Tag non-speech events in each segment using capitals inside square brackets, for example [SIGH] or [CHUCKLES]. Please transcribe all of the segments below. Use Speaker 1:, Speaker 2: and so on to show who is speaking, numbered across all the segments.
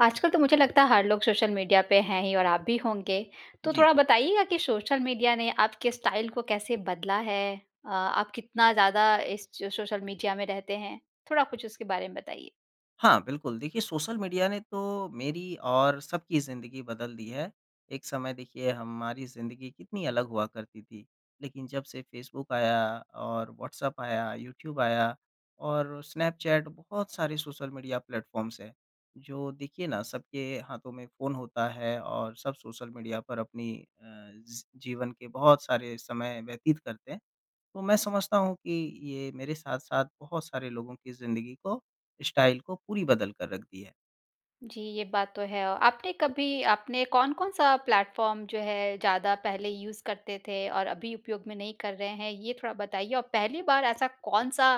Speaker 1: आजकल तो मुझे लगता है हर लोग सोशल मीडिया पे हैं ही और आप भी होंगे। तो
Speaker 2: जी।
Speaker 1: थोड़ा बताइएगा कि सोशल मीडिया ने आपके स्टाइल को कैसे बदला है? अ आप कितना ज़्यादा इस ज सोशल मीडिया में रहते हैं? थोड़ा कुछ उसके बारे में बताइए।
Speaker 2: हाँ बिल्कुल। देखिए, सोशल मीडिया ने तो मेरी और सबकी ज़िंदगी बदल दी है। एक समय देखिए हमारी ज़िंदगी कितनी अलग हुआ करती थी। लेक़िन जब से फेसबुक आया और व्हाट्सएप आया यूट्यूब आया और स्नैपचैट बहुत सारे सोशल मीडिया प्लेटफ़ॉर्म्स है। जो देखिए न सबके हाथों में फ़ोन होता है और सब सोशल मीडिया पर अपनी अ, ज़ी जीवन के बहुत सारे समय व्यतीत करते हैं, तो मैं समझता हूँ कि ये मेरे साथ-साथ बहुत सारे लोगों की ज़िंदगी को स्टाइल को पूरी बदल कर रख दी है।
Speaker 1: जी ये बात तो है। औ आपने कभी आपने कौन-कौन-सा प्लेटफ़ॉर्म जो है ज़्यादा पहले यूज़ करते थे और अभी उपयोग में नहीं कर रहे हैं ये थोड़ा बताइए? और पहली बार ऐसा कौन-सा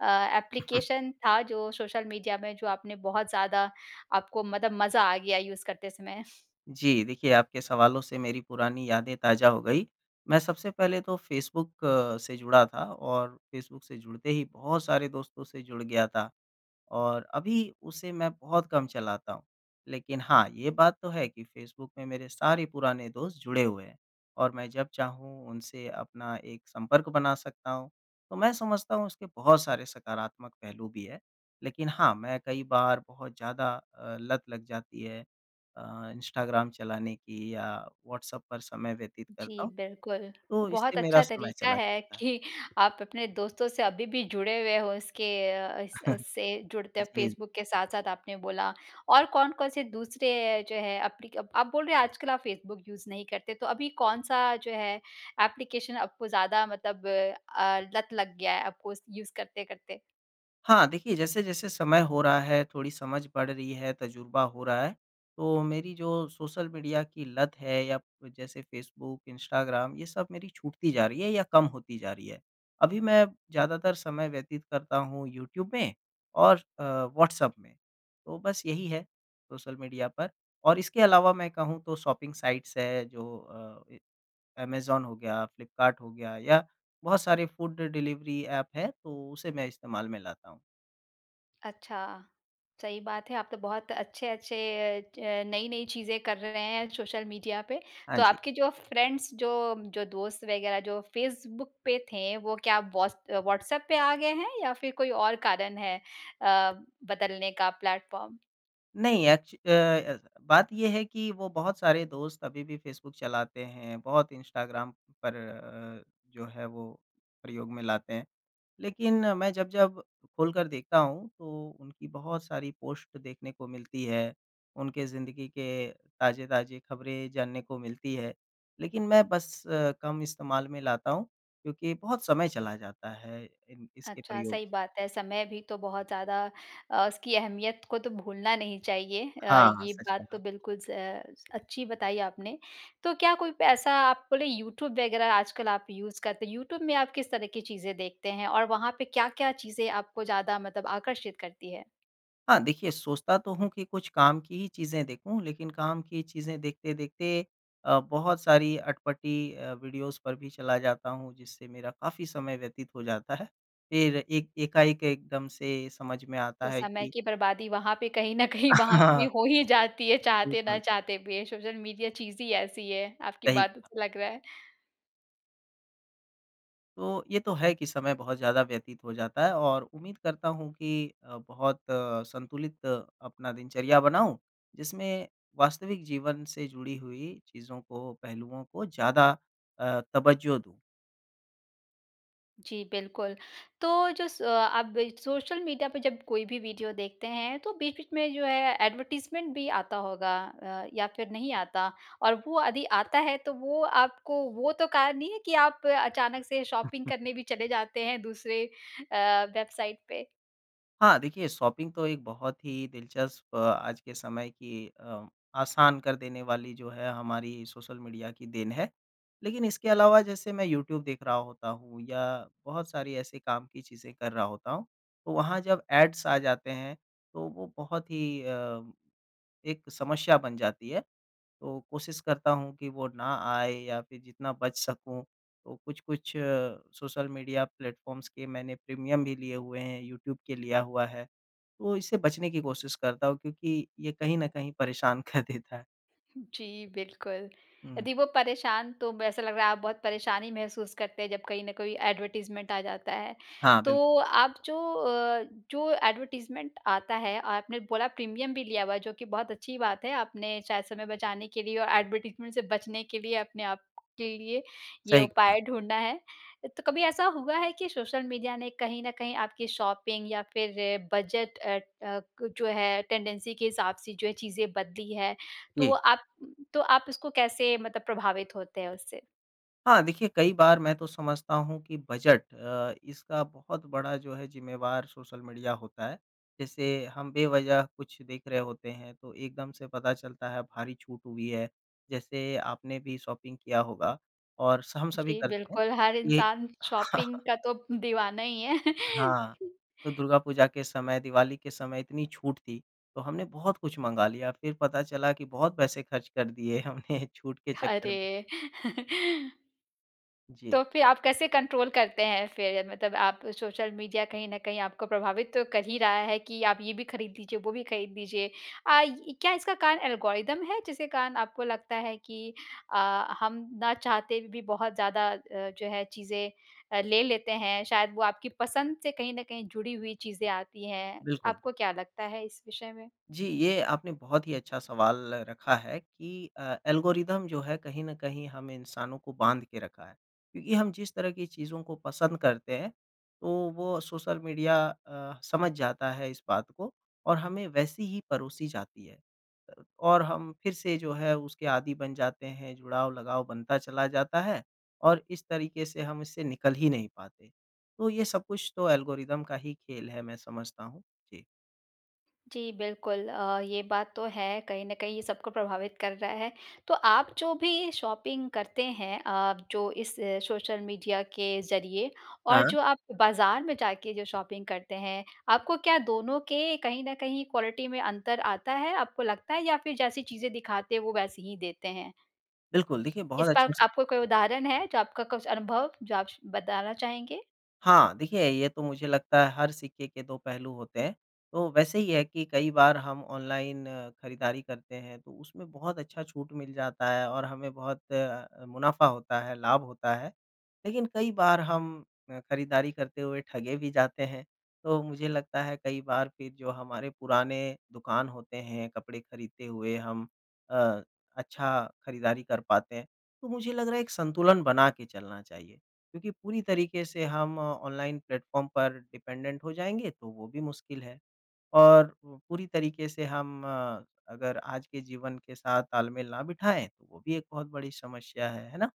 Speaker 1: अ,
Speaker 2: [COUGHS]
Speaker 1: एप्लीकेशन था जो सोशल मीडिया में जो आपने बहुत ज़्यादा आपको मतलब मज़ा आ गया यूज़ करते समय।
Speaker 2: जी। देखिए, आपके सवालों से मेरी पुरानी यादें ताज़ा हो गई। मैं सबसे पहले तो फेसबुक अ, से जुड़ा था और फेसबुक से जुड़ते ही बहुत सारे दोस्तों से जुड़ गया था और अभी उसे मैं बहुत कम चलाता हूँ। लेक़िन हाँ, ये बात तो है कि फेसबुक में मेरे सारे पुराने दोस्त जुड़े हुए हैं और मैं जब चाहूँ उनसे अपना एक संपर्क बना सकता हूँ। तो मैं समझता हूँ उसके बहुत सारे सकारात्मक पहलू भी हैं। लेक़िन हाँ, मैं कई बार बहुत ज़्यादा अ, लत लग जाती है अ, इंस्टाग्राम चलाने की या व्हाट्सएप पर समय व्यतीत करता
Speaker 1: जी
Speaker 2: हूँ
Speaker 1: बिल्कुल,
Speaker 2: तो
Speaker 1: बहुत
Speaker 2: इससे मेरा
Speaker 1: अच्छा
Speaker 2: समय
Speaker 1: तरीक़ा
Speaker 2: चला
Speaker 1: है
Speaker 2: जाता है।
Speaker 1: कि आप अपने दोस्तों से अभी-भी जुड़े हुए हो इसके अ, इस उस
Speaker 2: [CHUCKLES]
Speaker 1: उससे जुड़ते
Speaker 2: जी।
Speaker 1: फेसबुक के साथ-साथ आपने बोला और कौन-कौन से दूसरे जो हैं एप्लीक आप बोल रहे हो आजकल आप फेसबुक यूज़ नहीं करते तो अभी कौन-सा जो है एप्लीकेशन आपको ज़्यादा मतलब अ, लत लग गया है आपको उस यूज़ करते-करते?
Speaker 2: हाँ, देखिए जैसे-जैसे समय हो रहा है, थोड़ी समझ बढ़ रही है, तजुर्बा हो रहा है। तो मेरी जो सोशल मीडिया की लत है या जैसे फेसबुक, इंस्टाग्राम ये सब मेरी छूटती जा रही है या कम होती जा रही है। अभी मैं ज़्यादातर समय व्यतीत करता हूँ यूट्यूब में और अ, व्हाट्सएप में। तो बस यही है सोशल मीडिया पर और इसके अलावा मैं कहूँ तो शॉपिंग साइट्स है जो अ, ऐमज़ॉन हो गया, फ्लिपकार्ट हो गया या बहुत सारे फूड डिलीवरी ऐप है, तो उसे मैं इस्तेमाल में लाता हूँ।
Speaker 1: अच्छा सही बात है। आप तो बहुत अच्छे-अच्छे च नई-नई चीज़ें कर रहे हैं सोशल मीडिया पे।
Speaker 2: हाँ
Speaker 1: तो
Speaker 2: जी।
Speaker 1: आपके जो फ्रेंड्स जो जो दोस्त वगैरह जो फेसबुक पे थे, वो क्या व्हाट्स व्हाट्सएप पे आ गए हैं या फ़िर कोई और कारण है अ, बदलने का प्लेटफॉर्म।
Speaker 2: नहीं, एक्च अ, ऐसा बात ये है कि वो बहुत सारे दोस्त अभी भी फेसबुक चलाते हैं, बहुत इंस्टाग्राम पर अ, जो है वो प्रयोग में लाते हैं। लेकिन मैं जब-जब खोल कर देखता हूँ तो उनकी बहुत सारी पोस्ट देखने को मिलती है, उनके ज़िंदगी के ताज़े-ताज़े खबरें जानने को मिलती है। लेकिन मैं बस अ, कम इस्तेमाल में लाता हूँ क्योंकि बहुत समय चला जाता है इन इसके
Speaker 1: अच्छा,
Speaker 2: प्रयोग से।
Speaker 1: सही बात है। समय भी तो बहुत ज़्यादा अ, उसकी अहमियत को तो भूलना नहीं चाहिए। अ,
Speaker 2: हाँ, हाँ।
Speaker 1: ये
Speaker 2: सच
Speaker 1: बात तो
Speaker 2: कहा।
Speaker 1: बिल्कुल स अ, अच्छी बताई आपने। तो क्या कोई पैसा आप बोले यूट्यूब वगैरह आजकल आप यूज़ करते हैं यूट्यूब में आप किस तरह की चीज़ें देखते हैं। और वहाँ पे क्या-क्या चीज़ें आपको ज़्यादा मतलब आकर्षित करती है?
Speaker 2: हाँ, देखिए सोचता तो हूँ कि कुछ काम की ही चीज़ें देखूँ लेकिन काम की चीज़ें देखते-देखते अ, बहुत सारी अटपटी अ, वीडियोज़ पर भी चला जाता हूँ जिससे मेरा काफ़ी समय व्यतीत हो जाता है। फिर एक एकाएक एकदम से समझ में आता
Speaker 1: तो
Speaker 2: है
Speaker 1: समय
Speaker 2: कि
Speaker 1: की बर्बादी वहाँ पे कहीं न कहीं वहाँ पे भी
Speaker 2: हाँ।
Speaker 1: हो ही जाती है चाहते ना
Speaker 2: बिल्कुल।
Speaker 1: चाहते भी है, सोशल मीडिया चीज़ ही ऐसी है, आपकी
Speaker 2: सही
Speaker 1: बातों
Speaker 2: कहा।
Speaker 1: से लग रहा है।
Speaker 2: तो ये तो है कि समय बहुत ज़्यादा व्यतीत हो जाता है और उम्मीद करता हूँ कि अ, बहुत संतुलित अपना दिनचर्या बनाऊँ जिसमें वास्तविक जीवन से जुड़ी हुई चीज़ों को पहलुओं को ज़्यादा अ, तवज्जो दूँ।
Speaker 1: जी, बिल्कुल तो जो स अ, आप सोशल मीडिया पे जब कोई भी वीडियो देखते हैं, तो बीच-बीच में जो है एडवर्टाइज़मेंट भी आता होगा अ, या फिर नहीं आता और वो यदि आता है तो वो आपको वो तो कारण नहीं है कि आप अचानक से शॉपिंग करने भी चले जाते हैं दूसरे अ, वेबसाइट पे?
Speaker 2: हाँ, देखिए शॉपिंग तो एक बहुत ही दिलचस्प आज के समय की अ, आसान कर देने वाली जो है हमारी सोशल मीडिया की देन है। लेकिन इसके अलावा जैसे मैं यूट्यूब देख रहा होता हूँ या बहुत सारी ऐसे काम की चीज़ें कर रहा होता हूँ, तो वहाँ जब एड्स आ जाते हैं तो वो बहुत ही अ, एक समस्या बन जाती है, तो कोशिश करता हूँ कि वो ना आए या फिर जितना बच सकूँ तो कुछ-कुछ अ, सोशल मीडिया प्लेटफ़ॉर्म्स के मैंने प्रीमियम भी लिए हुए हैं। यूट्यूब के लिया हुआ है तो इससे बचने की कोशिश करता हूँ क्योंकि ये कहीं न कहीं परेशान कर देता है।
Speaker 1: जी, बिल्कुल।
Speaker 2: हुँ।
Speaker 1: यदि वो परेशान तो ब ऐसा लग रहा है आप बहुत परेशानी महसूस करते हैं जब कहीं ना कोई एडवर्टाइजमेंट आ जाता है।
Speaker 2: हाँ,
Speaker 1: तो
Speaker 2: बिल्क
Speaker 1: आप जो अ, जो एडवर्टाइजमेंट आता है, आपने बोला प्रीमियम भी लिया हुआ है जो कि बहुत अच्छी बात है आपने शायद समय बचाने के लिए और एडवर्टाइजमेंट से बचने के लिए अपने आपके लिए ये
Speaker 2: सही कहा।
Speaker 1: उपाय ढूँढा है। तो कभी ऐसा हुआ है कि सोशल मीडिया ने कहीं न कहीं आपकी शॉपिंग या फिर बजट अ, क जो है टेंडेंसी के हिसाब से जो है चीज़ें बदली है, तो
Speaker 2: जी।
Speaker 1: आप तो आप इसको कैसे मतलब प्रभावित होते हैं उससे?
Speaker 2: हाँ, देखिए कई बार मैं तो समझता हूँ कि बजट अ, इसका बहुत बड़ा जो है ज़िम्मेवार सोशल मीडिया होता है, जैसे हम बेवज़ह कुछ देख रहे होते हैं तो एकदम से पता चलता है भारी छूट हुई है, जैसे आपने भी शॉपिंग किया होगा और स हम सभी
Speaker 1: जी,
Speaker 2: करते हैं
Speaker 1: बिल्कुल हर
Speaker 2: ये
Speaker 1: इंसान शॉपिंग
Speaker 2: [CHUCKLES]
Speaker 1: का तो दीवाना ही है।
Speaker 2: हाँ,
Speaker 1: [CHUCKLES]
Speaker 2: तो दुर्गा पूजा के समय, दिवाली के समय इतनी छूट थी तो हमने बहुत कुछ मँगा लिया, फिर पता चला कि बहुत पैसे खर्च कर दिए हमने छूट के चक्कर में।
Speaker 1: अरे! [CHUCKLES]
Speaker 2: जी।
Speaker 1: तो फिर आप कैसे कंट्रोल करते हैं फिर मतलब आप सोशल मीडिया कहीं न कहीं आपको प्रभावित तो कर ही रहा है कि आप ये भी ख़रीद लीजिए, वो भी ख़रीद लीजिए। अ, क्या इसका कार एल्गोरिदम है, जिसके कारण आपको लगता है कि अ, हम ना चाहते भी बहुत ज़्यादा अ, जो है चीज़ें अ, ले लेते हैं। शायद वो आपकी पसंद से कहीं न कहीं जुड़ी हुई चीज़ें आती हैं,
Speaker 2: बिल्कुल।
Speaker 1: आपको क्या लगता है इस विषय में?
Speaker 2: जी, ये आपने बहुत ही अच्छा सवाल रखा है कि अ, एल्गोरिदम जो है, कहीं न कहीं हम इंसानों को बाँध के रखा है। क्योंकि हम जिस तरह की चीज़ें को पसंद करते हैं तो वो सोशल मीडिया अ, समझ जाता है इस बात को और हमें वैसे ही परोसी जाती है। अ, और हम फिर से जो है उसके आदि बन जाते हैं, जुड़ाव लगाव बनता चला जाता है और इस तरीके से हम इससे निकल ही नहीं पाते, तो ये सब कुछ तो एल्गोरिदम का ही खेल है मैं समझता हूँ। जी।
Speaker 1: जी बिल्कुल। अ, ये बात तो है कहीं न कहीं ये सबको प्रभावित कर रहा है। तो आप जो भी शॉपिंग करते हैं अ, जो इस सोशल मीडिया के ज़रिए और
Speaker 2: हाँ।
Speaker 1: जो आप बाज़ार में जाके जो शॉपिंग करते हैं आपको क्या दोनों के कहीं न कहीं क्वालिटी में अंतर आता है, आपको लगता है? या फिर जैसी चीज़ें दिखाते हैं वो वैसे ही देते हैं?
Speaker 2: बिल्कुल। देखिए
Speaker 1: इस
Speaker 2: बहुत
Speaker 1: पर
Speaker 2: अच्छा स
Speaker 1: आपको कोई उदाहरण है जो आपका कुछ अनुभव जो आप स बताना चाहेंगे।
Speaker 2: हाँ, देखिए ये तो मुझे लगता है हर सिक्के के दो पहलू होते हैं, तो वैसे ही है कि कई बार हम ऑनलाइन खरीदारी करते हैं तो उसमें बहुत अच्छा छूट मिल जाता है और हमें बहुत अ, मुनाफ़ा होता है, लाभ होता है, लेकिन कई बार हम अ, खरीदारी करते हुए ठगे भी जाते हैं। तो मुझे लगता है कई बार फिर जो हमारे पुराने दुकान होते हैं कपड़े खरीदते हुए हम अ, अच्छा खरीदारी कर पाते हैं। तो मुझे लग रहा है एक संतुलन बना के चलना चाहिए। क्योंकि पूरी तरीके से हम ऑनलाइन प्लेटफ़ॉर्म पर डिपेंडेंट हो जाएँगे तो वो भी मुश्किल है और पूरी तरीके से हम अ, अगर आज के जीवन के साथ ताल-मेल ना बिठाएँ तो वो भी एक बहुत बड़ी समस्या है, है ना?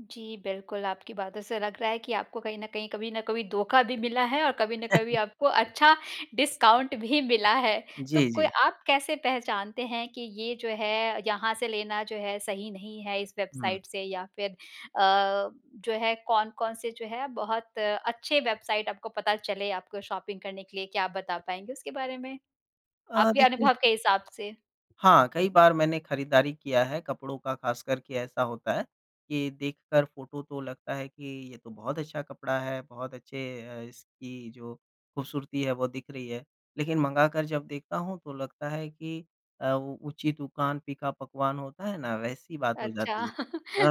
Speaker 1: जी, बिल्कुल आपकी बातों से लग रहा है कि आपको कहीं न कहीं, कभी न कभी धोखा भी मिला है और कभी ना कभी
Speaker 2: [CHUCKLES]
Speaker 1: आपको अच्छा डिस्काउंट भी मिला है। तो
Speaker 2: जी,
Speaker 1: कोई
Speaker 2: जी।
Speaker 1: आप कैसे पहचानते हैं कि ये जो है, यहाँ से लेना जो है सही नहीं है इस
Speaker 2: हुँ।
Speaker 1: वेबसाइट से या फिर अ, जो है कौन-कौन से जो है बहुत अच्छे वेबसाइट आपको पता चले आपको शॉपिंग करने के लिए, क्या आप बता पाएँगे उसके बारे में?
Speaker 2: अ,
Speaker 1: आपके
Speaker 2: देखिए
Speaker 1: अनुभव के हिसाब से।
Speaker 2: हाँ, कई बार मैंने खरीदारी किया है, कपड़ों का ख़ास कर के ऐसा होता है, कि देखकर फोटो तो लगता है कि ये तो बहुत अच्छा कपड़ा है, बहुत अच्छे अ, इसकी जो खूबसूरती है वो दिख रही है, लेकिन मँगाकर जब देखता हूँ तो लगता है कि अ, उ ऊँची दुकान, फ़ीका पकवान होता है ना, वैसी बात हो जाती
Speaker 1: अच्छा।
Speaker 2: है।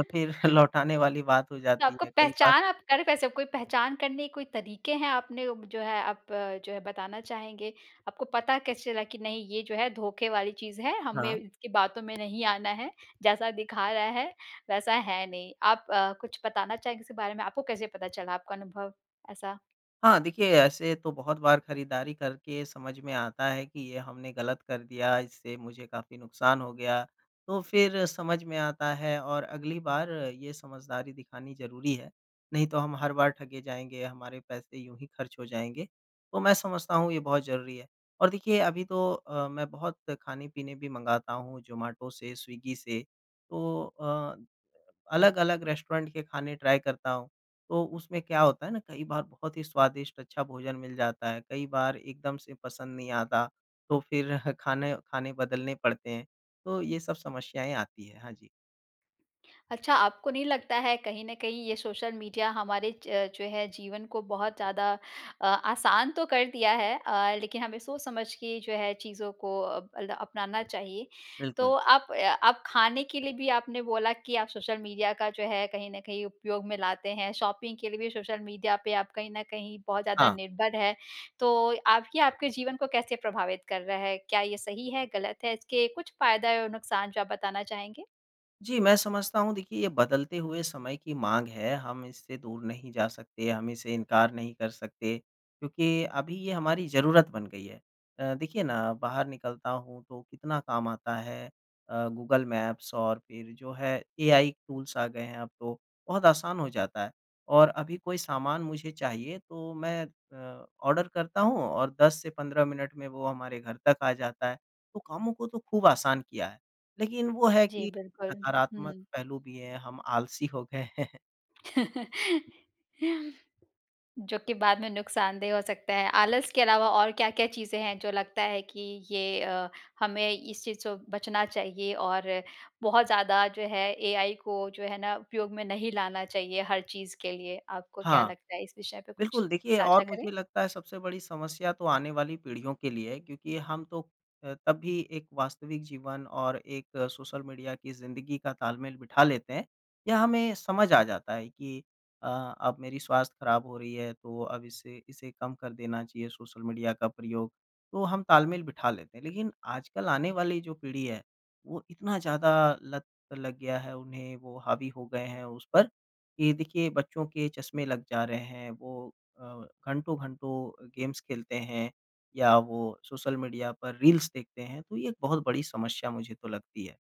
Speaker 2: अ, फिर [CHUCKLES] लौटाने वाली बात हो
Speaker 1: तो
Speaker 2: जाती
Speaker 1: आपको
Speaker 2: है कई बार।
Speaker 1: पहचान आप कर वैसे कोई पहचान करने के कोई तरीके हैं आपने जो है, आप जो है बताना चाहेंगे? आपको पता कैसे चला कि नहीं, ये जो है धोखे वाली चीज़ है हमें
Speaker 2: हाँ।
Speaker 1: इसकी बातों में नहीं आना है, जैसा दिखा रहा है वैसा है नहीं। आप अ, कुछ बताना चाहेंगे इसके बारे में आपको कैसे पता चला आपका अनुभव ऐसा?
Speaker 2: हाँ, देखिए ऐसे तो बहुत बार खरीदारी करके समझ में आता है कि ये हमने गलत कर दिया इससे मुझे काफ़ी नुकसान हो गया। तो फिर समझ में आता है और अगली बार ये समझदारी दिखानी ज़रूरी है, नहीं तो हम हर बार ठगे जाएँगे, हमारे पैसे यूँ ही खर्च हो जाएँगे। तो मैं समझता हूँ ये बहुत ज़रूरी है और देखिए अभी तो अ, मैं बहुत खाने-पीने भी मँगाता हूँ जोमाटो से, स्विग्गी से तो अ, अलग-अलग रेस्टोरेंट के खाने ट्राय करता हूँ तो उसमें क्या होता है ना, कई बार बहुत ही स्वादिष्ट अच्छा भोजन मिल जाता है, कई बार एकदम से पसंद नहीं आता तो फिर खाने खाने बदलने पड़ते हैं। तो ये सब समस्याएँ आती हैं। हाँ जी।
Speaker 1: अच्छा आपको नहीं लगता है कहीं न कहीं ये सोशल मीडिया हमारे ज जो है जीवन को बहुत ज़्यादा अ, आसान तो कर दिया है अ, लेकिन हमें सोच-समझ के जो है चीज़ो को अब अल्दा अपनाना चाहिए। तो
Speaker 2: बिल्कुल।
Speaker 1: आप अ, आप खाने के लिए भी आपने बोला कि आप सोशल मीडिया का जो है कहीं न कहीं उपयोग में लाते हैं, शॉपिंग के लिए भी सोशल मीडिया पे आप कहीं न कहीं बहुत ज़्यादा
Speaker 2: हाँ।
Speaker 1: निर्भर हैं। तो आपकी आपके जीवन को कैसे प्रभावित कर रहा है? क्या ये सही है, गलत है? इसके कुछ फ़ायदा और नुकसान जो आप बताना चाहेंगे?
Speaker 2: जी, मैं समझता हूँ देखिए ये बदलते हुए समय की माँग है हम इससे दूर नहीं जा सकते, हम इसे इनकार नहीं कर सकते, क्योंकि अभी ये हमारी ज़रूरत बन गई है। अ, देखिए ना बाहर निकलता हूँ तो कितना काम आता है अ, गूगल मैप्स और फिर जो है, एआई टूल्स आ गए हैं अब तो, बहुत आसान हो जाता है। और अभी कोई सामान मुझे चाहिए, तो मैं अ, ऑर्डर करता हूँ और 10 से 15 मिनट में वो हमारे घर तक आ जाता है, तो कामो को तो खूब आसान किया है। लेकिन वो है
Speaker 1: जी,
Speaker 2: कि
Speaker 1: बिल्कुल
Speaker 2: नकारात्मक
Speaker 1: हुँ।
Speaker 2: पहलू भी हैं, हम आलसी हो गए हैं।
Speaker 1: [LAUGHS] जो कि बाद में नुकसानदेह हो सकता है। आलस के अलावा और क्या-क्या चीज़ें हैं, जो लगता है कि ये अ, हमें इस चीज़ सो बचना चाहिए? और बहुत ज़्यादा जो है, एआई को जो है ना उपयोग में नहीं लाना चाहिए हर चीज़ के लिए। आपको क्या
Speaker 2: हाँ।
Speaker 1: लगता है? इस विषय पे कुछ
Speaker 2: बिल्कुल, देखिए
Speaker 1: साझा
Speaker 2: और
Speaker 1: करें।
Speaker 2: मुझे लगता है सबसे बड़ी समस्या तो आने वाली पीढ़ियों के लिए है क्योंकि हम तो अ, तब भी एक वास्तविक जीवन और एक सोशल मीडिया की ज़िंदगी का तालमेल बिठा लेते हैं। या हमें समझ आ जाता है कि अ, अब मेरी स्वास्थ्य खराब हो रही है, तो अब इसे इसे कम कर देना चाहिए सोशल मीडिया का प्रयोग, तो हम तालमेल बिठा लेते हैं। लेकिन आजकल आने वाली जो पीढ़ी है, वो इतना ज़्यादा लत लग गया है उन्हें, वो हावी हो गए हैं उस पर, कि ये देखिए बच्चों के चश्मे लग जा रहे हैं वो अ, घंटों-घंटों अ, गेम्स खेलते हैं या वो सोशल मीडिया पर रील्स देखते हैं, तो ये एक बहुत बड़ी समस्या मुझे तो लगती है।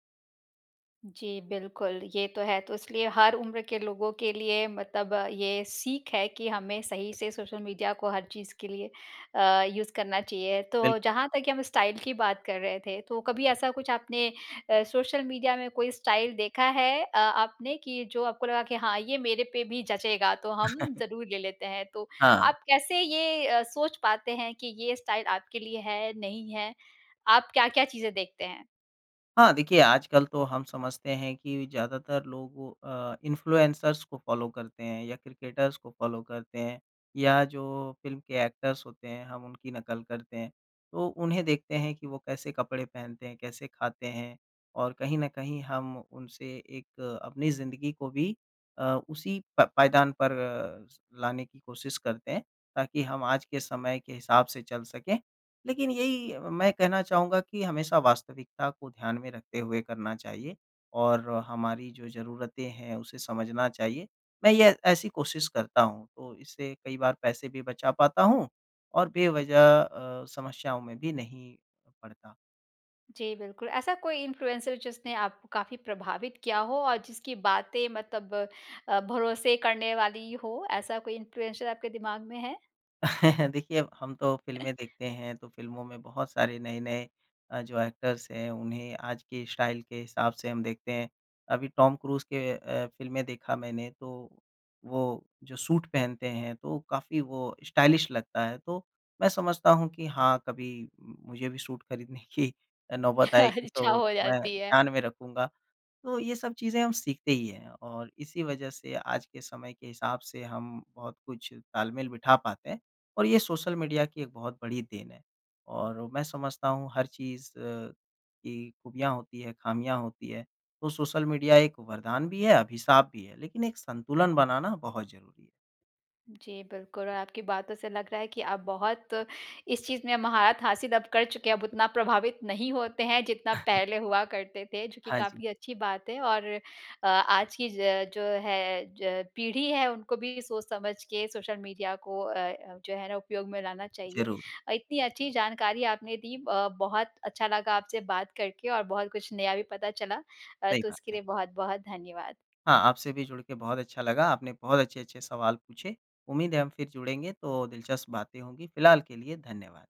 Speaker 1: जी, बिल्कुल ये तो है। तो इसलिए हर उम्र के लोगों के लिए मतलब ये सीख है कि हमें सही से सोशल मीडिया को हर चीज़ के लिए अ, यूज़ करना चाहिए।
Speaker 2: बिल्
Speaker 1: तो जहाँ तक हम स्टाइल की बात कर रहे थे तो कभी ऐसा कुछ आपने अ, सोशल मीडिया में कोई स्टाइल देखा है अ, आपने कि जो आपको लगा कि हाँ ये मेरे पे भी जचेगा तो हम
Speaker 2: [CHUCKLES]
Speaker 1: ज़रूर ले लेते हैं। तो
Speaker 2: हाँ।
Speaker 1: आप कैसे ये अ, सोच पाते हैं कि ये स्टाइल आपके लिए है नहीं है? आप क्या-क्या चीज़ें देखते हैं?
Speaker 2: हाँ, देखिए आजकल तो हम समझते हैं कि ज़्यादातर लोगों अ, इन्फ्लुएंसर्स को फ़ॉलो करते हैं या क्रिकेटर्स को फॉलो करते हैं, या जो फ़िल्म के एक्टर्स होते हैं, हम उनकी नकल करते हैं। तो उन्हें देखते हैं कि वो कैसे कपड़े पहनते हैं, कैसे ख़ाते हैं और कहीं न कहीं हम उनसे एक अपनी ज़िंदगी को भी अ, उसी प पायदान पर स लाने की कोशिश करते हैं ताकि हम आज के समय के हिसाब से चल सकें। लेकिन यही मैं कहना चाहूँगा कि हमेशा वास्तविकता को ध्यान में रखते हुए करना चाहिए और हमारी जो ज़रूरतें हैं उसे समझना चाहिए। मैं ये ऐसी कोशिश करता हूँ तो इससे कई बार पैसे भी बचा पाता हूँ और बेवजह अ, समस्याओं में भी नहीं पड़ता।
Speaker 1: जी, बिल्कुल। ऐसा कोई इन्फ्लुएंसर जिसने आपको काफ़ी प्रभावित किया हो? और जिसकी बातें मतलब अ, भरोसे करने वाली हो, ऐसा कोई इन्फ्लुएंसर आपके दिमाग में है?
Speaker 2: [CHUCKLES] देखिए अब हम तो फ़िल्में देखते हैं तो फ़िल्मों में बहुत सारे नए-नए अ, जो एक्टर्स हैं, उन्हें आज की स्टाइल के हिसाब से हम देखते हैं। अभी टॉम क्रूज के अ, फ़िल्में देखा मैंने तो वो जो सूट पहनते हैं तो काफ़ी वो स्टाइलिश लगता है तो मैं समझता हूँ कि हाँ कभी मुझे भी सूट खरीदने की अ, नौबत आएगी
Speaker 1: अच्छा,
Speaker 2: तो
Speaker 1: हो
Speaker 2: मैं
Speaker 1: जाती है।
Speaker 2: ध्यान में रखूँगा। तो ये सब चीज़ें हम सीखते ही हैं, और इसी वज़ह से आज के समय के हिसाब से हम बहुत कुछ तालमेल बिठा पाते हैं। और ये सोशल मीडिया की एक बहुत बड़ी देन है। और मैं समझता हूँ हर चीज़ अ, की खूबियाँ होती हैं, खामियाँ होती हैं। तो सोशल मीडिया एक वरदान भी है अभिशाप भी है, लेकिन एक संतुलन बनाना बहुत ज़रूरी है।
Speaker 1: जी, बिल्कुल और आपकी बातों से लग रहा है कि आप बहुत इस चीज़ में महारथ हासिल अब कर चुके हैं अब उतना प्रभावित नहीं होते हैं जितना
Speaker 2: [CHUCKLES]
Speaker 1: पहले हुआ करते थे, जो कि
Speaker 2: हाँ जी।
Speaker 1: काफ़ी अच्छी बात है। और आज की ज जो है ज पीढ़ी है उनको भी सोच-समझ के सोशल मीडिया को अ, जो है ना उपयोग में लाना चाहिए।
Speaker 2: ज़रूर।
Speaker 1: अ, इतनी अच्छी जानकारी आपने दी ब बहुत अच्छा लगा आपसे बात करके और बहुत कुछ नया भी पता चला अ,
Speaker 2: सही
Speaker 1: तो
Speaker 2: बात
Speaker 1: इसके
Speaker 2: है।
Speaker 1: लिए बहुत-बहुत धन्यवाद।
Speaker 2: हाँ, आपसे भी जुड़ के बहुत अच्छा लगा, आपने बहुत अच्छे-अच्छे सवाल पूछे। उम्मीद है हम फिर जुड़ेंगे तो दिलचस्प बातें होंगी, फ़िलहाल के लिए धन्यवाद।